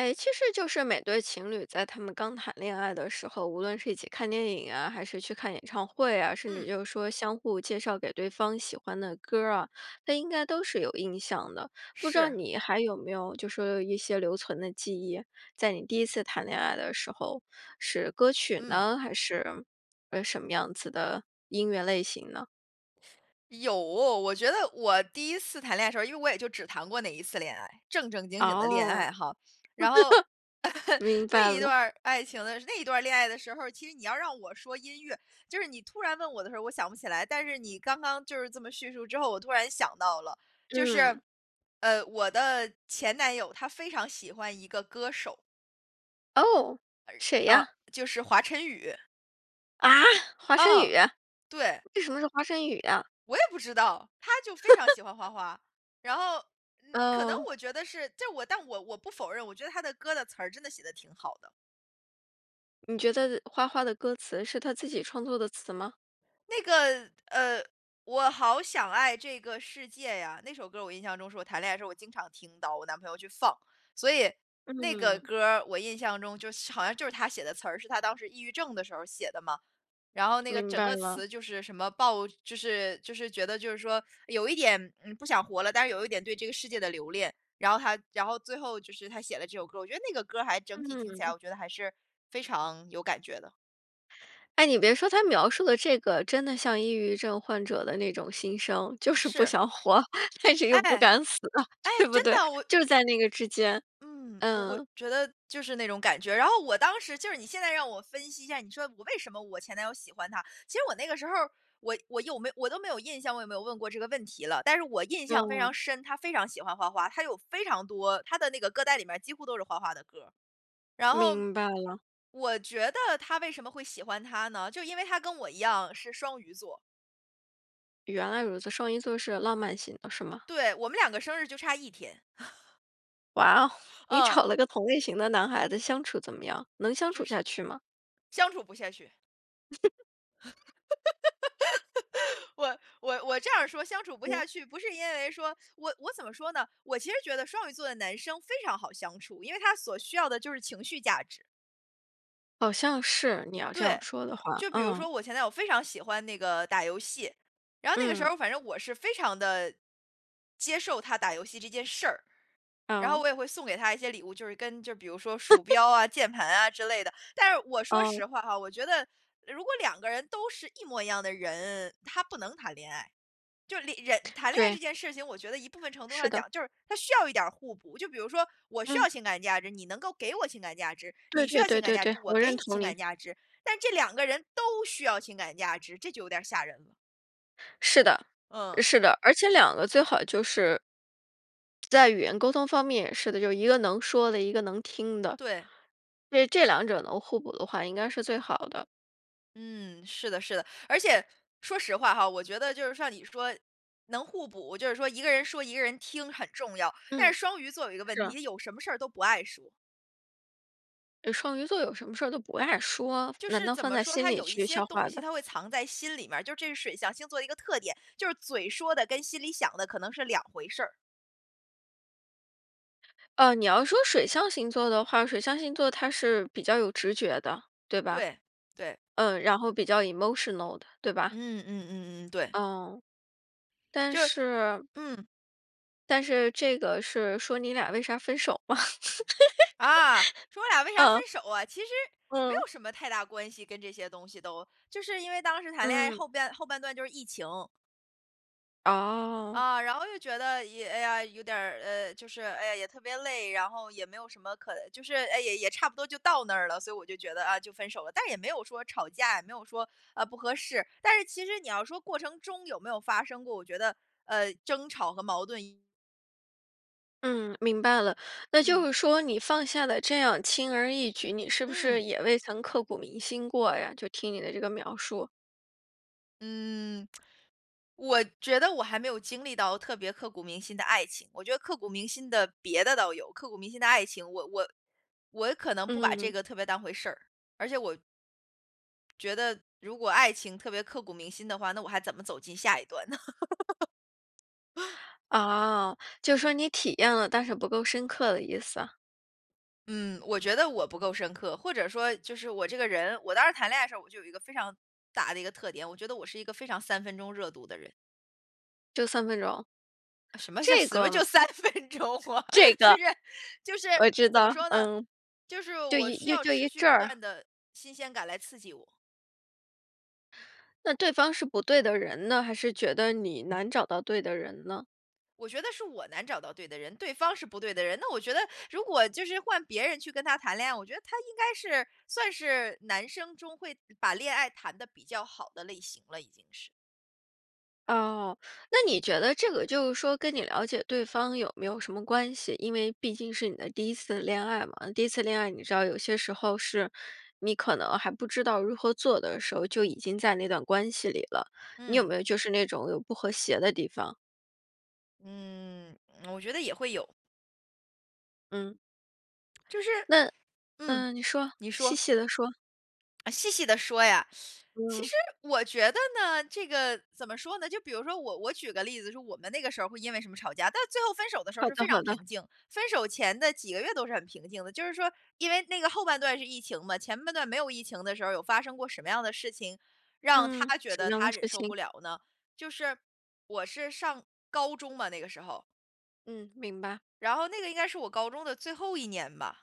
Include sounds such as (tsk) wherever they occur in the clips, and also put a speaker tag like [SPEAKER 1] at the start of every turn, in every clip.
[SPEAKER 1] 哎，其实就是每对情侣在他们刚谈恋爱的时候，无论是一起看电影啊，还是去看演唱会啊，甚至
[SPEAKER 2] 嗯。
[SPEAKER 1] 就是说相互介绍给对方喜欢的歌儿啊，他应该都是有印象的，不知道
[SPEAKER 2] 是。
[SPEAKER 1] 你还有没有就说一些留存的记忆，在你第一次谈恋爱的时候，是歌曲
[SPEAKER 2] 嗯。
[SPEAKER 1] 呢？还是，呃，什么样子的音乐类型呢？
[SPEAKER 2] 有，我觉得我第一次谈恋爱的时候儿，因为我也就只谈过那一次恋爱，正正经经的恋
[SPEAKER 1] 哦。
[SPEAKER 2] 爱
[SPEAKER 1] (chuckles)
[SPEAKER 2] 哈，然后
[SPEAKER 1] 明
[SPEAKER 2] (chuckles) 那
[SPEAKER 1] 白
[SPEAKER 2] 一段
[SPEAKER 1] 了。
[SPEAKER 2] 儿爱情的那一段儿恋爱的时候儿，其实你要让我说音乐就是你突然问我的时候儿我想不起来，但是你刚刚就是这么叙述之后，我突然想到了，就
[SPEAKER 1] 嗯。
[SPEAKER 2] 是，呃，我的前男友他非常喜欢一个歌手。
[SPEAKER 1] 哦！谁
[SPEAKER 2] 呃，
[SPEAKER 1] 呀？
[SPEAKER 2] 就是华晨宇。
[SPEAKER 1] 啊？华晨宇？
[SPEAKER 2] 啊，对。
[SPEAKER 1] 为什么是华晨宇呀？
[SPEAKER 2] 我也不知道，他就非常
[SPEAKER 1] (chuckles)
[SPEAKER 2] 喜欢花花，然后，嗯，可能
[SPEAKER 1] 哦。
[SPEAKER 2] 我觉得是就是我但我我不否认，我觉得他的歌的词儿真的写得挺好的。
[SPEAKER 1] 你觉得花花的歌词是他自己创作的词吗？
[SPEAKER 2] 那个，呃，《我好想爱这个世界呀》，那首歌儿我印象中是我谈恋爱的时候我经常听到我男朋友去放。所以那个
[SPEAKER 1] 嗯。
[SPEAKER 2] 歌儿，我印象中就是好像就是他写的词儿，是他当时抑郁症的时候儿写的嘛。然后那个
[SPEAKER 1] 明
[SPEAKER 2] 整
[SPEAKER 1] 白
[SPEAKER 2] 个
[SPEAKER 1] 了。
[SPEAKER 2] 词就是什么爆就是就是觉得就是说，有一点，嗯，不想活了，但是有一点对这个世界的留恋，然后他然后最后就是他写了这首歌。我觉得那个歌儿还整体听起
[SPEAKER 1] 嗯。
[SPEAKER 2] 来我觉得还是非常有感觉的。
[SPEAKER 1] 哎，你别说他描述的这个，真的像抑郁症患者的那种心声，就是不
[SPEAKER 2] 是。
[SPEAKER 1] 想活，但是
[SPEAKER 2] 哎，
[SPEAKER 1] 又不敢死，
[SPEAKER 2] 哎，
[SPEAKER 1] 对不
[SPEAKER 2] 真
[SPEAKER 1] 对？
[SPEAKER 2] 的，我
[SPEAKER 1] 就
[SPEAKER 2] 我
[SPEAKER 1] 在那个之间，
[SPEAKER 2] 嗯，我我
[SPEAKER 1] 嗯。
[SPEAKER 2] 觉得就是那种感觉。然后我当时就是你现在让我分析一下，你说我为什么我前男友喜欢他，其实我那个时候儿，我我有没我都没有印象，我有没有问过这个问题了。但是我印象非常
[SPEAKER 1] 嗯。
[SPEAKER 2] 深，他非常喜欢花花，他有非常多他的那个歌单里面几乎都是花花的歌。然后，
[SPEAKER 1] 明白了。
[SPEAKER 2] 我觉得他为什么会喜欢他呢？就因为他跟我一样是双鱼座。
[SPEAKER 1] 原来如此。双鱼座是浪漫型的，是吗？
[SPEAKER 2] 对，我们两个生日就差1天。(laughs)
[SPEAKER 1] 哇，(laughs) 你
[SPEAKER 2] 嗯。
[SPEAKER 1] 找了个同类型的男孩子相处怎么样？能相
[SPEAKER 2] 就
[SPEAKER 1] 处
[SPEAKER 2] 是
[SPEAKER 1] 下去吗？
[SPEAKER 2] 相处不下去。
[SPEAKER 1] (laughs)
[SPEAKER 2] (laughs) 我-我我这样儿说“相处不
[SPEAKER 1] 我
[SPEAKER 2] 下去”，不是因为说我我怎么说呢？我其实觉得双鱼座的男生非常好相处，因为他所需要的就是情绪价值。
[SPEAKER 1] 好像是，你要这样
[SPEAKER 2] 对，
[SPEAKER 1] 说的话，
[SPEAKER 2] 就比如
[SPEAKER 1] 嗯。
[SPEAKER 2] 说我前男友非常喜欢那个打游戏，然后那个时
[SPEAKER 1] 嗯。
[SPEAKER 2] 候，反正我是非常地接受他打游戏这件事儿。然后
[SPEAKER 1] 哦。
[SPEAKER 2] 我也会送给他一些礼物，就是跟就比如说鼠
[SPEAKER 1] (laughs)
[SPEAKER 2] 标啊、键盘啊之类的。但是我说
[SPEAKER 1] 哦。
[SPEAKER 2] 实话哈，我觉得，如果两个人都是一模一样的人，他不能谈恋爱。就是里人谈恋爱这
[SPEAKER 1] 对。
[SPEAKER 2] 件事情我觉得一部分程度
[SPEAKER 1] 是
[SPEAKER 2] 上
[SPEAKER 1] 的。
[SPEAKER 2] 讲，就是它需要一点儿互补。就比如说，我需
[SPEAKER 1] 嗯。
[SPEAKER 2] 要情感价值，你能够给我情感价值，
[SPEAKER 1] 对
[SPEAKER 2] 你需
[SPEAKER 1] 对
[SPEAKER 2] 要情
[SPEAKER 1] 对
[SPEAKER 2] 感
[SPEAKER 1] 对
[SPEAKER 2] 价值，
[SPEAKER 1] 对，
[SPEAKER 2] 我
[SPEAKER 1] 我
[SPEAKER 2] 给
[SPEAKER 1] 认
[SPEAKER 2] 你
[SPEAKER 1] 同
[SPEAKER 2] 情
[SPEAKER 1] 你。
[SPEAKER 2] 感价值。但这两个人都需要情感价值，这就有点吓人了。
[SPEAKER 1] 是的，
[SPEAKER 2] 嗯。
[SPEAKER 1] 是的。而且两个最好就是在语言沟通方面也是的，就一个能说的一个能听的。
[SPEAKER 2] 对。
[SPEAKER 1] 对，这两者能互补的话，应该是最好的。
[SPEAKER 2] 嗯，是的是的，而且，说实话哈，我觉得就是像你说能互补，就是说一个人说，一个人听很重要，但
[SPEAKER 1] 嗯，
[SPEAKER 2] 是双鱼座有一个问题，
[SPEAKER 1] 是。
[SPEAKER 2] 她有什么事儿都不爱说。
[SPEAKER 1] 呃，双鱼座有什么事儿都不爱说，
[SPEAKER 2] 就
[SPEAKER 1] 难
[SPEAKER 2] 是
[SPEAKER 1] 道
[SPEAKER 2] 怎
[SPEAKER 1] 放
[SPEAKER 2] 么
[SPEAKER 1] 在
[SPEAKER 2] 说，
[SPEAKER 1] 心
[SPEAKER 2] 她
[SPEAKER 1] 里
[SPEAKER 2] 有一
[SPEAKER 1] 去
[SPEAKER 2] 些
[SPEAKER 1] 消
[SPEAKER 2] 东
[SPEAKER 1] 化
[SPEAKER 2] 西
[SPEAKER 1] 的？
[SPEAKER 2] 她会藏在心里面儿，就是这是水象星座的一个特点，就是嘴说的跟心里想的可能是两回事儿。
[SPEAKER 1] 呃，你要说水象星座的话，水象星座它是比较有直觉的，对吧？
[SPEAKER 2] 对，对。
[SPEAKER 1] 嗯，然后比较 emotional 的，对吧？
[SPEAKER 2] 嗯，嗯嗯嗯，对。
[SPEAKER 1] 嗯，但
[SPEAKER 2] 就
[SPEAKER 1] 是
[SPEAKER 2] 嗯。
[SPEAKER 1] 但是这个是说你俩为啥分手吗？
[SPEAKER 2] 啊，说我俩
[SPEAKER 1] (laughs)
[SPEAKER 2] 为啥
[SPEAKER 1] 嗯。
[SPEAKER 2] 分手啊，其实没
[SPEAKER 1] 嗯。
[SPEAKER 2] 有什么太大关系跟这些东西都，就是因为当时谈恋爱
[SPEAKER 1] 嗯。
[SPEAKER 2] 后半后半段就是疫情。
[SPEAKER 1] 哦。
[SPEAKER 2] 啊，然后又觉得一哎呀，有点儿呃，就是，哎呀，也特别累，然后也没有什么可就是，哎，也也差不多就到那儿了，所以我就觉得，啊，就分手了，但也没有说吵架，也没有说，呃，不合适。但是其实你要说过程中有没有发生过，我觉得，呃，争吵和矛盾也
[SPEAKER 1] 嗯，明白了。那就
[SPEAKER 2] 嗯。
[SPEAKER 1] 是说你放下了这样轻而易举，你是不是
[SPEAKER 2] 嗯。
[SPEAKER 1] 也未曾刻骨铭心过呀，就听你的这个描述。
[SPEAKER 2] 嗯，(smacks lips) 我觉得我还没有经历到特别刻骨铭心的爱情。我觉得刻骨铭心的别的倒有，刻骨铭心的爱情，我我我可能不把这
[SPEAKER 1] 嗯。
[SPEAKER 2] 个特别当回事儿。而且我觉得如果爱情特别刻骨铭心的话，那我还怎么走进下一段呢？(laughs)
[SPEAKER 1] 哦，就是说你体验了，但是不够深刻的意思。
[SPEAKER 2] 嗯，我觉得我不够深刻，或者说就是我这个人我当时谈恋爱的时候，我就有一个非常大的一个特点，我觉得我是一个非常三分钟热度的人。
[SPEAKER 1] 就三分钟？
[SPEAKER 2] 呃，什么叫
[SPEAKER 1] 这
[SPEAKER 2] 什么就
[SPEAKER 1] 个
[SPEAKER 2] 3分钟啊！
[SPEAKER 1] 这
[SPEAKER 2] 就是
[SPEAKER 1] 个，
[SPEAKER 2] 就是，
[SPEAKER 1] 我知
[SPEAKER 2] 怎么
[SPEAKER 1] 道，
[SPEAKER 2] 说呢，
[SPEAKER 1] 嗯。
[SPEAKER 2] 就是
[SPEAKER 1] 就
[SPEAKER 2] 我
[SPEAKER 1] 一
[SPEAKER 2] 需
[SPEAKER 1] 又
[SPEAKER 2] 要
[SPEAKER 1] 就
[SPEAKER 2] 持
[SPEAKER 1] 一
[SPEAKER 2] 续
[SPEAKER 1] 阵
[SPEAKER 2] 不
[SPEAKER 1] 儿。
[SPEAKER 2] 断的新鲜感来刺激我。
[SPEAKER 1] 那对方是不对的人呢？还是觉得你难找到对的人呢？
[SPEAKER 2] 我觉得是我难找到对的人。对方是不对的人，那我觉得，如果就是换别人去跟他谈恋爱，我觉得他应该是算是男生中会把恋爱谈得比较好的类型了已经是。
[SPEAKER 1] 哦，那你觉得这个就是说跟你了解对方有没有什么关系？因为毕竟是你的第一次恋爱嘛，那第一次恋爱你知道有些时候是你可能还不知道如何做的时候，就已经在那段关系里了。你有
[SPEAKER 2] 嗯。
[SPEAKER 1] 没有就是那种有不和谐的地方？
[SPEAKER 2] 嗯，(smacks lips) 我觉得也会有。
[SPEAKER 1] 嗯。
[SPEAKER 2] (smacks lips) 就是
[SPEAKER 1] 那
[SPEAKER 2] 嗯，
[SPEAKER 1] 嗯。你说，
[SPEAKER 2] 你
[SPEAKER 1] 细
[SPEAKER 2] 说。
[SPEAKER 1] 细地说。
[SPEAKER 2] 啊，细细地说呀。(sucks teeth) 其
[SPEAKER 1] 嗯。
[SPEAKER 2] 实我觉得呢，这个，怎么说呢。就比如说我我举个例子说我们那个时候儿会因为什么吵架，但最后分手的时候儿
[SPEAKER 1] 好
[SPEAKER 2] 是
[SPEAKER 1] 的
[SPEAKER 2] 非常
[SPEAKER 1] 好的。
[SPEAKER 2] 平静。分手前的几个月都是很平静的，就是说，因为那个后半段是疫情嘛，前半段没有疫情的时候儿有发生过什么样的事情，让
[SPEAKER 1] 嗯，
[SPEAKER 2] 他觉
[SPEAKER 1] 什
[SPEAKER 2] 得
[SPEAKER 1] 么样的
[SPEAKER 2] 他忍
[SPEAKER 1] 事
[SPEAKER 2] 受不
[SPEAKER 1] 情？
[SPEAKER 2] 了呢？就是我是上高中嘛，那个时候。
[SPEAKER 1] 嗯，明白。
[SPEAKER 2] 然后那个应该是我高中的最后一年吧。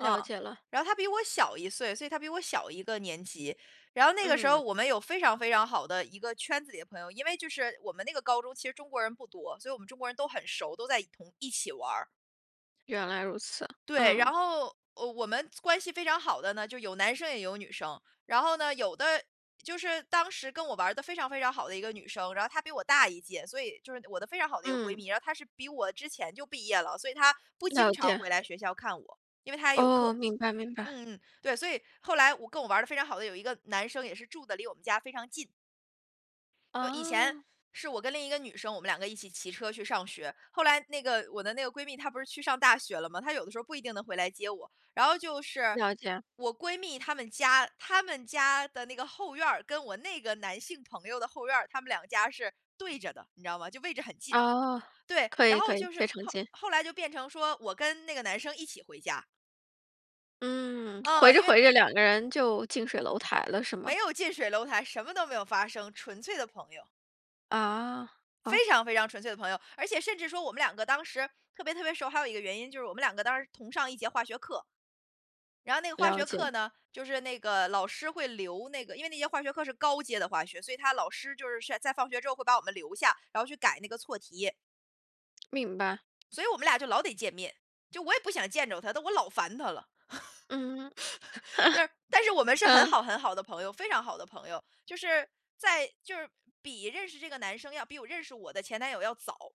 [SPEAKER 2] 嗯，
[SPEAKER 1] 解了。
[SPEAKER 2] 然后他比我小1岁，所以他比我小1个年级。然后那个时候儿
[SPEAKER 1] 嗯。
[SPEAKER 2] 我们有非常非常好的一个圈子里的朋友，因为就是我们那个高中其实中国人不多，所以我们中国人都很熟，都在同一起玩儿。
[SPEAKER 1] 原来如此。
[SPEAKER 2] 对，然
[SPEAKER 1] 嗯。
[SPEAKER 2] 后，呃，我们关系非常好的呢，就有男生也有女生。然后呢，有的就是当时跟我玩儿得非常非常好的一个女生，然后她比我大一届，所以就是我的非常好的一个闺
[SPEAKER 1] 嗯。
[SPEAKER 2] 蜜。然后她是比我之前就毕业了，所以她不经
[SPEAKER 1] 了
[SPEAKER 2] 常
[SPEAKER 1] 解。
[SPEAKER 2] 回来学校看我，因为她也有课。
[SPEAKER 1] 哦，明白明白。
[SPEAKER 2] 嗯嗯，对，所以，后来我跟我玩儿得非常好的有一个男生也是住得离我们家非常近。呃，以前
[SPEAKER 1] 哦。
[SPEAKER 2] 是我跟另一个女生，我们两个一起骑车去上学。后来那个我的那个闺蜜她不是去上大学了嘛，她有的时候不一定能回来接我。然后就是，
[SPEAKER 1] 了解。
[SPEAKER 2] 我闺蜜她们家，她们家的那个后院儿，跟我那个男性朋友的后院儿，他们两家是对着的，你知道吗，就位置很近。
[SPEAKER 1] 哦，
[SPEAKER 2] 对，
[SPEAKER 1] 可
[SPEAKER 2] 然
[SPEAKER 1] 以
[SPEAKER 2] 后
[SPEAKER 1] 可以，
[SPEAKER 2] 就是
[SPEAKER 1] 非常
[SPEAKER 2] 后
[SPEAKER 1] 近。
[SPEAKER 2] 后来就变成说，我跟那个男生一起回家。
[SPEAKER 1] 嗯，
[SPEAKER 2] 哦，
[SPEAKER 1] 回着
[SPEAKER 2] 因为
[SPEAKER 1] 回着两个人就近水楼台了是吗？
[SPEAKER 2] 没有近水楼台，什么都没有发生，纯粹的朋友。
[SPEAKER 1] 啊，哦。
[SPEAKER 2] 非常非常纯粹的朋友，而且甚至说我们两个当时特别特别熟，还有一个原因就是我们两个当时同上一节化学课。然后那个化
[SPEAKER 1] 了
[SPEAKER 2] 学
[SPEAKER 1] 解。
[SPEAKER 2] 课呢，就是那个老师会留那个因为那些化学课是高阶的化学，所以他老师就是在放学之后会把我们留下，然后去改那个错题。
[SPEAKER 1] (smacks lips) 明白。
[SPEAKER 2] 所以我们俩就老得见面，就我也不想见着他，但我老烦他了。
[SPEAKER 1] 嗯。
[SPEAKER 2] (laughs) 对，但是我
[SPEAKER 1] (laughs)
[SPEAKER 2] 们是很
[SPEAKER 1] 嗯。
[SPEAKER 2] 好很好的朋友，非常好的朋友。就是在就是比认识这个男生要比我认识我的前男友要早。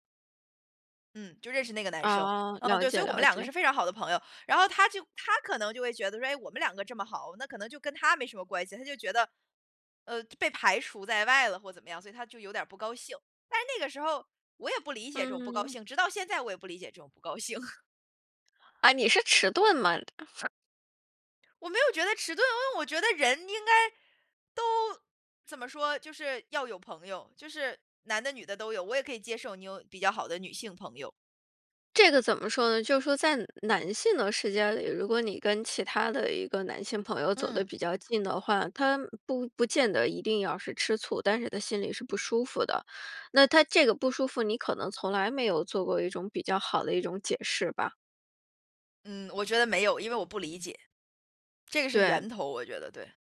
[SPEAKER 2] 嗯，就认识那个男生，
[SPEAKER 1] 哦，
[SPEAKER 2] 嗯，
[SPEAKER 1] 了
[SPEAKER 2] 对，所
[SPEAKER 1] 解
[SPEAKER 2] 以我们
[SPEAKER 1] 了
[SPEAKER 2] 两个
[SPEAKER 1] 解。
[SPEAKER 2] 是非常好的朋友。然后他就他可能就会觉得说，诶，我们两个这么好，那可能就跟他没什么关系。他就觉得，呃，被排除在外了或者怎么样，所以他就有点儿不高兴。但是那个时候，我也不理解这种不高
[SPEAKER 1] 嗯。
[SPEAKER 2] 兴，直到现在我也不理解这种不高兴。
[SPEAKER 1] 啊，你是迟钝吗？
[SPEAKER 2] 我没有觉得迟钝，因为我觉得人应该都，怎么说，就是要有朋友，就是男的女的都有，我也可以接受你有比较好的女性朋友。
[SPEAKER 1] 这个怎么说呢？就是说在男性的世界里，如果你跟其他的一个男性朋友走得
[SPEAKER 2] 嗯。
[SPEAKER 1] 比较近的话，他不不见得一定要是吃醋，但是他心里是不舒服的。那他这个不舒服，你可能从来没有做过一种比较好的一种解释吧？
[SPEAKER 2] 嗯，我觉得没有，因为我不理解，这个是
[SPEAKER 1] 对。
[SPEAKER 2] 源头，我觉得对。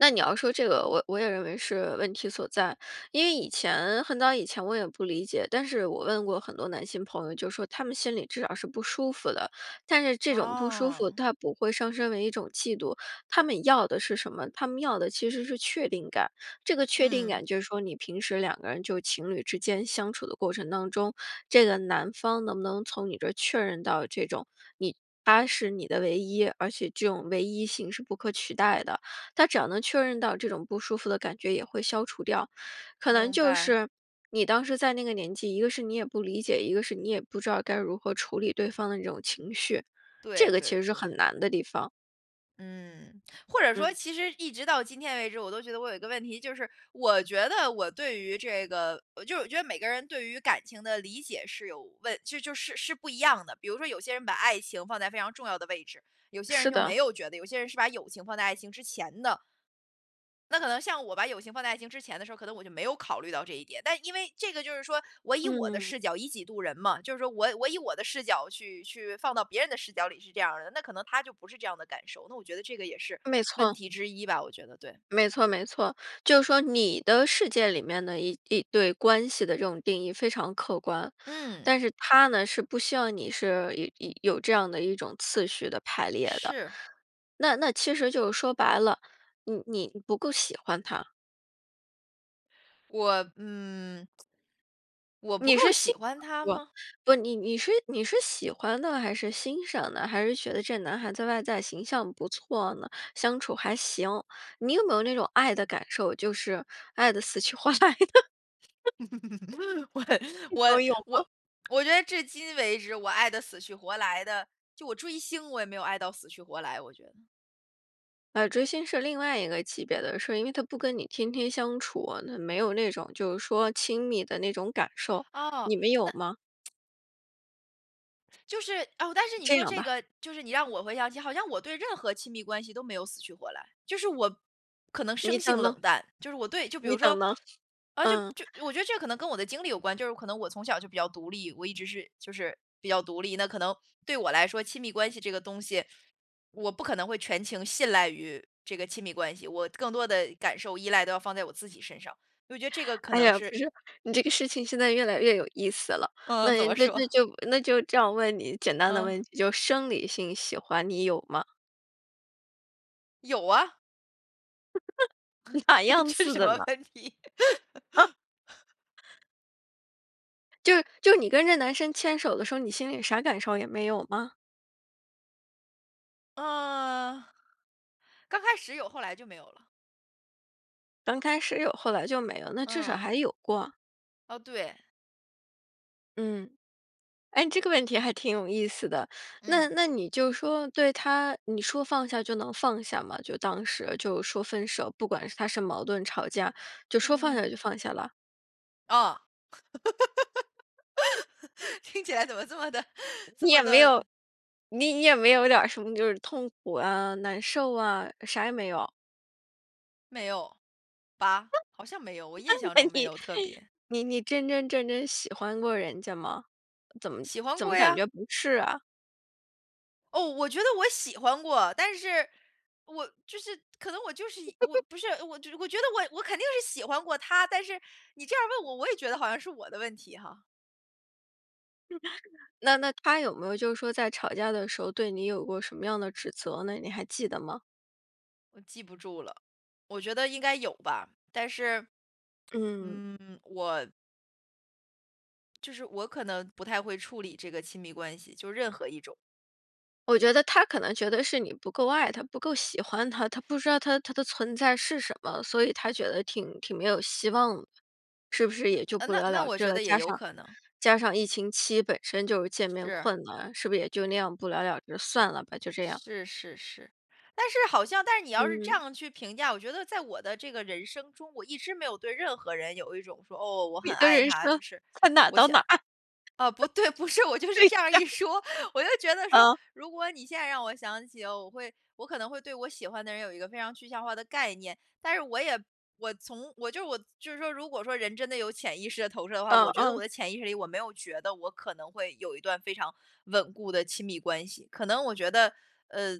[SPEAKER 1] 那你要说这个我我也认为是问题所在，因为以前，很早以前我也不理解，但是我问过很多男性朋友就说他们心里至少是不舒服的。但是这种不舒服
[SPEAKER 2] 哦。
[SPEAKER 1] 它不会上升为一种嫉妒，他们要的是什么？他们要的其实是确定感，这个确定
[SPEAKER 2] 嗯。
[SPEAKER 1] 感就是说你平时两个人就情侣之间相处的过程当中，这个男方能不能从你这儿确认到这种，你他是你的唯一，而且这种唯一性是不可取代的。他只要能确认到，这种不舒服的感觉也会消除掉，可能
[SPEAKER 2] 明
[SPEAKER 1] 就
[SPEAKER 2] 白。
[SPEAKER 1] 是你当时在那个年纪，一个是你也不理解，一个是你也不知道该如何处理对方的这种情绪，这
[SPEAKER 2] 对
[SPEAKER 1] 个
[SPEAKER 2] 对
[SPEAKER 1] 其实是
[SPEAKER 2] 对。
[SPEAKER 1] 很难的地方。
[SPEAKER 2] 嗯，(smacks lips) 或者说
[SPEAKER 1] 嗯。
[SPEAKER 2] 其实一直到今天为止，我都觉得我有一个问题就是，我觉得我对于这个呃，就是我觉得每个人对于感情的理解是有问就就是是不一样的。比如说有些人把爱情放在非常重要的位置，有些人
[SPEAKER 1] 是
[SPEAKER 2] 就没
[SPEAKER 1] 的。
[SPEAKER 2] 有觉得，有些人是把友情放在爱情之前的。那可能像我把友情放在爱情之前的时候儿，可能我就没有考虑到这一点，但因为这个就是说，我以我的
[SPEAKER 1] 嗯。
[SPEAKER 2] 视角，以己度人嘛，就是说我我以我的视角去去放到别人的视角里是这样儿的，那可能他就不是这样的感受，那我觉得这个也是
[SPEAKER 1] 没
[SPEAKER 2] 问
[SPEAKER 1] 错。
[SPEAKER 2] 题之一吧，我觉得，对。
[SPEAKER 1] 没错，没错，就是说你的世界里面的一一对关系的这种定义非常客观，
[SPEAKER 2] 嗯。
[SPEAKER 1] 但是他呢，是不希望你是有有这样的一种次序的排列的。
[SPEAKER 2] 是。
[SPEAKER 1] 那那其实就是说白了，你你不够喜欢他。
[SPEAKER 2] 我嗯。(tsk) 我不
[SPEAKER 1] 你
[SPEAKER 2] 够
[SPEAKER 1] 是欣
[SPEAKER 2] 喜欢
[SPEAKER 1] (unintelligible)
[SPEAKER 2] 他
[SPEAKER 1] 不，
[SPEAKER 2] 吗？
[SPEAKER 1] 不，你你是你是喜欢呢还是欣赏呢？还是觉得这男孩在外在形象不错呢？相处还行，你有没有那种爱的感受，就是爱得死去活来的？
[SPEAKER 2] (chuckles) 我
[SPEAKER 1] (chuckles) 那
[SPEAKER 2] 我
[SPEAKER 1] 种有吗？
[SPEAKER 2] 我我觉得至今为止，我爱得死去活来的，就我追星，我也没有爱到死去活来我觉得。
[SPEAKER 1] 呃，追星是另外一个级别的，是因为他不跟你天天相处，那没有那种就是说亲密的那种感受，
[SPEAKER 2] 哦，
[SPEAKER 1] 你们有吗？
[SPEAKER 2] 那 (tsk) 就是，哦，但是你
[SPEAKER 1] 这
[SPEAKER 2] 说
[SPEAKER 1] 种
[SPEAKER 2] 这
[SPEAKER 1] 吧。
[SPEAKER 2] 个就是你让我回想起，好像我对任何亲密关系都没有死去活来。就是我可能生
[SPEAKER 1] 你
[SPEAKER 2] 性
[SPEAKER 1] 等呢。
[SPEAKER 2] 冷淡，就是我对就比
[SPEAKER 1] 你
[SPEAKER 2] 如说，
[SPEAKER 1] 等呢，(chuckles)
[SPEAKER 2] 呃，就
[SPEAKER 1] 嗯。
[SPEAKER 2] 就我觉得这可能跟我的经历有关，就是可能我从小就比较独立，我一直是，就是比较独立，那可能对我来说亲密关系这个东西，我不可能会全情信赖于这个亲密关系，我更多的感受、依赖都要放在我自己身上，我觉得这个可
[SPEAKER 1] 哎
[SPEAKER 2] 能
[SPEAKER 1] 呀，
[SPEAKER 2] 是
[SPEAKER 1] 不是，你这个事情现在越来越有意思了，
[SPEAKER 2] 嗯，怎
[SPEAKER 1] 那
[SPEAKER 2] 么说？
[SPEAKER 1] 那就那就这样问你简单的
[SPEAKER 2] 嗯。
[SPEAKER 1] 问题，就生理性喜欢你有吗？
[SPEAKER 2] 有啊。
[SPEAKER 1] (laughs) 哪
[SPEAKER 2] (laughs)
[SPEAKER 1] 样
[SPEAKER 2] 这是
[SPEAKER 1] 似
[SPEAKER 2] 什
[SPEAKER 1] 的
[SPEAKER 2] 么
[SPEAKER 1] 呢？
[SPEAKER 2] 问题？
[SPEAKER 1] 啊。
[SPEAKER 2] (laughs)
[SPEAKER 1] 就就你跟这男生牵手的时候，你心里啥感受也没有吗？
[SPEAKER 2] 呃刚开始有，后来就没有了。
[SPEAKER 1] 刚开始有后来就没了，那至少
[SPEAKER 2] 嗯。
[SPEAKER 1] 还有过。
[SPEAKER 2] 哦，对。
[SPEAKER 1] 嗯。哎，你这个问题还挺有意思的。
[SPEAKER 2] 嗯。
[SPEAKER 1] 那那你就说对他，你说放下就能放下吗？就当时就说分手，不管他是矛盾吵架，就
[SPEAKER 2] 嗯嗯
[SPEAKER 1] 说放
[SPEAKER 2] 嗯
[SPEAKER 1] 下就
[SPEAKER 2] 嗯。
[SPEAKER 1] 放下了？
[SPEAKER 2] 哦。(laughs) 听起来怎么这么的这
[SPEAKER 1] 你
[SPEAKER 2] 么
[SPEAKER 1] 也没有
[SPEAKER 2] 的
[SPEAKER 1] 你你也没有点儿什么就是痛苦啊、难受啊，啥也没有？
[SPEAKER 2] 没有，吧，
[SPEAKER 1] 啊？
[SPEAKER 2] 好像没有，我印象
[SPEAKER 1] 那
[SPEAKER 2] 中
[SPEAKER 1] 那
[SPEAKER 2] 没
[SPEAKER 1] 你
[SPEAKER 2] 有特别。
[SPEAKER 1] 你你真真正正喜欢过人家吗？怎么
[SPEAKER 2] 喜欢
[SPEAKER 1] 怎么
[SPEAKER 2] 过
[SPEAKER 1] 感
[SPEAKER 2] 呀。
[SPEAKER 1] 觉不是啊？
[SPEAKER 2] 哦，我觉得我喜欢过。但是，我就是可能我就是一我
[SPEAKER 1] (chuckles)
[SPEAKER 2] 不是，我觉我觉得我我肯定是喜欢过他，但是你这样问我，我也觉得好像是我的问题哈。
[SPEAKER 1] 那那他有没有就是说在吵架的时候，对你有过什么样的指责呢？你还记得吗？
[SPEAKER 2] 我记不住了，我觉得应该有吧，但是
[SPEAKER 1] 嗯。
[SPEAKER 2] 嗯，我就是我可能不太会处理这个亲密关系，就任何一种。
[SPEAKER 1] 我觉得他可能觉得是你不够爱他，不够喜欢他，他不知道他他的存在是什么，所以他觉得挺挺没有希望的。是不是
[SPEAKER 2] 嗯，
[SPEAKER 1] 也就
[SPEAKER 2] 呃，
[SPEAKER 1] 不
[SPEAKER 2] 那
[SPEAKER 1] 了
[SPEAKER 2] 那
[SPEAKER 1] 了
[SPEAKER 2] 我
[SPEAKER 1] 之
[SPEAKER 2] 觉
[SPEAKER 1] 了，
[SPEAKER 2] 得也
[SPEAKER 1] 加
[SPEAKER 2] 有
[SPEAKER 1] 上
[SPEAKER 2] 可能。
[SPEAKER 1] 加上疫情期本身就是见面
[SPEAKER 2] 是。
[SPEAKER 1] 困难，是不是也就那样不了了之，算了吧，就这样。
[SPEAKER 2] 是，是，是，但是好像但是你要是这
[SPEAKER 1] 嗯。
[SPEAKER 2] 样去评价，我觉得在我的这个人生中，我一直没有对任何人有一种说，哦，我
[SPEAKER 1] 你
[SPEAKER 2] 很
[SPEAKER 1] 的
[SPEAKER 2] 爱
[SPEAKER 1] 人
[SPEAKER 2] 他，就
[SPEAKER 1] 生，
[SPEAKER 2] 是
[SPEAKER 1] 才哪儿
[SPEAKER 2] 我
[SPEAKER 1] 到
[SPEAKER 2] 想
[SPEAKER 1] 哪儿。
[SPEAKER 2] 哦，不对，不是，我就是
[SPEAKER 1] 对
[SPEAKER 2] 这样儿
[SPEAKER 1] 呀。
[SPEAKER 2] 一说。我就觉得说，
[SPEAKER 1] 嗯。
[SPEAKER 2] 如果你现在让我想起，我会我可能会对我喜欢的人有一个非常具象化的概念。但是我也我从我就是我就是说如果说人真的有潜意识的投射的话，
[SPEAKER 1] 嗯，
[SPEAKER 2] 我觉得我
[SPEAKER 1] 嗯。
[SPEAKER 2] 的潜意识里我没有觉得我可能会有一段非常稳固的亲密关系。可能我觉得呃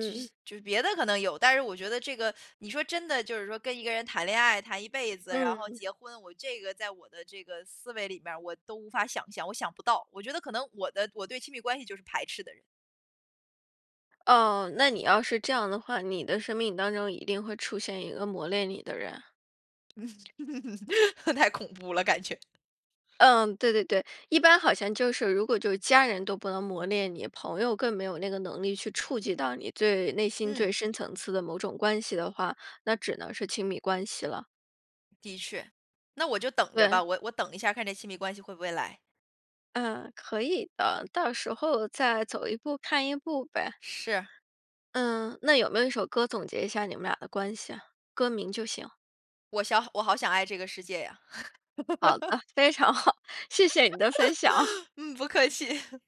[SPEAKER 2] 就西就是别的可能有，但是我觉得这个，(sucks teeth) 你说真的就是说跟一个人谈恋爱谈一辈子，然后
[SPEAKER 1] 嗯。
[SPEAKER 2] 结婚，我这个在我的这个思维里面儿我都无法想象，我想不到。我觉得可能我的我对亲密关系就是排斥的人。
[SPEAKER 1] 哦，那你要是这样的话，你的生命当中一定会出现一个磨练你的人。
[SPEAKER 2] (laughs) 太恐怖了感觉。
[SPEAKER 1] 嗯，对对对。一般好像就是如果就是家人都不能磨练你，朋友更没有那个能力去触及到你最内心最
[SPEAKER 2] 嗯。
[SPEAKER 1] 深层次的某种关系的话，那只能是亲密关系了。
[SPEAKER 2] 的确。那我就等着
[SPEAKER 1] 对。
[SPEAKER 2] 吧，我我等一下儿看这亲密关系会不会来。
[SPEAKER 1] 嗯，可以的。到时候再走一步看一步呗。
[SPEAKER 2] 是。
[SPEAKER 1] 嗯，那有没有一首歌总结一下你们俩的关系啊，歌名就行。
[SPEAKER 2] 我想我好想爱这个世界呀。
[SPEAKER 1] 好
[SPEAKER 2] (laughs)
[SPEAKER 1] 的，非常好。谢谢你的分享。
[SPEAKER 2] (laughs) 嗯，不客气。(chuckles)